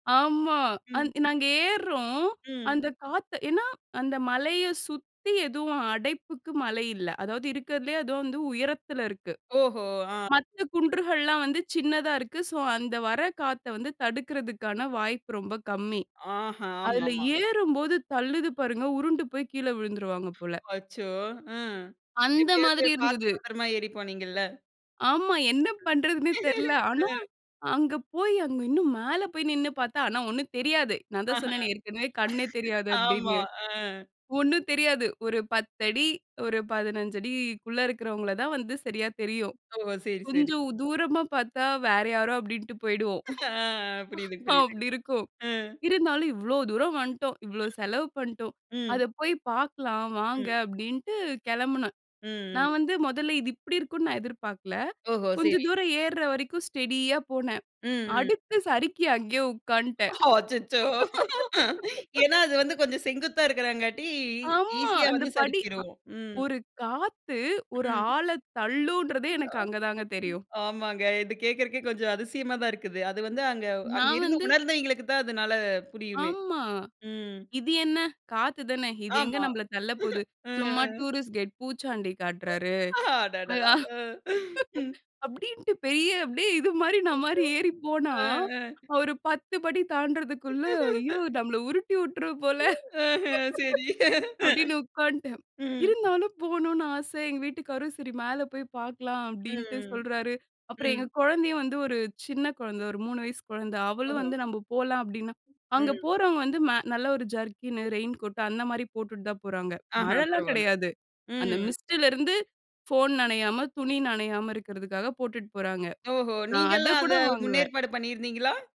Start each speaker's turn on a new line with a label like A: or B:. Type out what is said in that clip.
A: ஆமா
B: ம்.
A: அந்த நாங்க ஏற்றோம்.
B: ம்.
A: அந்த காத்து ஏன்னா, அந்த மலைய சுத்தி எதுவும் அடைப்புக்கு மலை இல்ல. அதாவது இருக்கிறதுலே அதுவும் வந்து உயரத்துல இருக்கு.
B: ஓஹோ! ஆ.
A: மத்த குன்றுகள்லாம் வந்து சின்னதா இருக்கு. சோ அந்த வர காத்த வந்து தடுக்குறதுக்கான வாய்ப்பு ரொம்ப கம்மி.
B: ஆஹ,
A: அதுல
B: ஆமாமா.
A: ஏறும்போது தள்ளுது பாருங்க, உருண்டு போயி கீழே விழுந்துருவாங்க போல.
B: அச்சோ! ம்.
A: அந்த
B: எப்டியாவது
A: மாதிரி
B: பார்த்து
A: இருந்துது.
B: பத்திரமா ஏறி போனீங்கள்ல.
A: ஆமா. என்ன பண்றதுன்னே தெரில. ஆனா,
B: ஆ.
A: அங்க போயி அங்க இன்னும் மேல போயி நின்னு பார்த்தா ஆனா, ஒண்ணும் தெரியாது.
B: ஆ.
A: நான் தான் சொன்னேனே ஏற்கனவே கண்ணே தெரியாது
B: ஆமா.
A: அப்டின்னு.
B: ஆ.
A: ஒண்ணும் தெரியாது ஒரு 10' ஒரு 15'குள்ள இருக்கறவங்கள தான் வந்து சரியா தெரியும்.
B: ஓ! சரி, சரி.
A: கொஞ்சம் தூரமா பார்த்தா வேற யாரோ அப்டின்ட்டு போயிடுவோம்.
B: ஆ புரியுது, புரியுது.
A: அப்டி இருக்கும்,
B: ஆ.
A: இருந்தாலும், "இவ்ளோ தூரம் வண்ட்டோம், இவ்ளோ செலவு பண்டோம்.
B: ம், ம்.
A: அத போயி பார்க்கலாம் வாங்க."
B: ம்.
A: அப்டின்ட்டு கெளம்புனேன்.
B: ம்ஹ்ம்.
A: நான் வந்து மொதல்ல இது இப்டி இருக்கும் நான் எதிர்பார்க்கல,
B: ஓஹோ!
A: கொஞ்சம்
B: சரி.
A: தூரம் ஏர்ற வரைக்கும் ஸ்டெடியா போனேன்.
B: ம், ம்.
A: அடுத்து சறுக்கி அங்கே உக்காட்ன்டேன்.
B: அச்சச்சோ! ஏன்னா, அது வந்து கொஞ்சம் செங்குத்தா இருக்கிறாங்காட்டி இ
A: ஆமா
B: ஈசியா
A: அந்த
B: வந்து
A: படி அ
B: சரிக்கிறும். ம்.
A: ஒரு காத்து, ஒரு
B: ம்.
A: ஆள தள்ளூன்றதே எனக்கு அங்க தாங்க தெரியும்.
B: ஆமாங்க. இது கேட்கறக்கே கொஞ்சம் அதிசயமா தான் இருக்குது. அது வந்து, அங்க அங்க
A: நான்
B: இருந்து
A: வந்து
B: உணர்ந்தவிங்களுக்கு தான் அதனால புரியுமே,
A: ஆமா
B: ம்.
A: "இது என்ன, காத்து தானே இது எங்க
B: ஆமா.
A: நம்மள தள்ள போது. சும்மா
B: ம்ஹ்ம்.
A: டூரிஸ்ட் கைட் பூச்சாண்டி காட்றாரு."
B: அடடா!
A: அதான்
B: ஆ, ம்.
A: அப்டின்ட்டு பெரிய அப்டியே இது மாரி நா மாரி ஏறி போனா,
B: ஆ, ஆ.
A: ஒரு 10 படி தாண்றதுக்குள்ள, ஐயோ! நம்மள உருட்டி உற்றும் போல.
B: ம்ஹ்ம், சரி.
A: அப்டின்னு உக்கான்ட்டேன்.
B: ம்.
A: இருந்தாலும் போணும்னு ஆசை எங்க வீட்டுக்காரரும் சரி மேல போயி பார்க்கலாம் அப்டின்ட்டு
B: ம்,
A: சொல்றாரு. அப்புறம் எங்க
B: ம்.
A: கொழந்தையும் வந்து ஒரு சின்ன குழந்தை, ஒரு 3 வயசு கொழந்த. அவளும்
B: ஓஹோ!
A: வந்து நம்ம போலாம் அப்டின்னா. அங்க
B: ம்.
A: போறவங்க வந்து, மேல நல்ல ஒரு ஜர்க்கின்னு, ரெயின் கோட்டு அந்த மாரி போட்டுட்டு தான் போறாங்க.
B: ஆஹ.
A: மழைலாம்
B: பரவால்ல.
A: கெடையாது. அந்த
B: ம்
A: மிஸ்ட்டுலிருந்து ஃபோன் நெனையாம, துணி நெனையாம இருக்கிறதுக்காக போட்டுட்டு போறாங்க.
B: ஓஹோ!
A: நான்
B: நீங்கலாம் அத
A: அதக்கூட வாங்கல.
B: முன்னேற்பாடு பண்ணிருந்தீங்களா?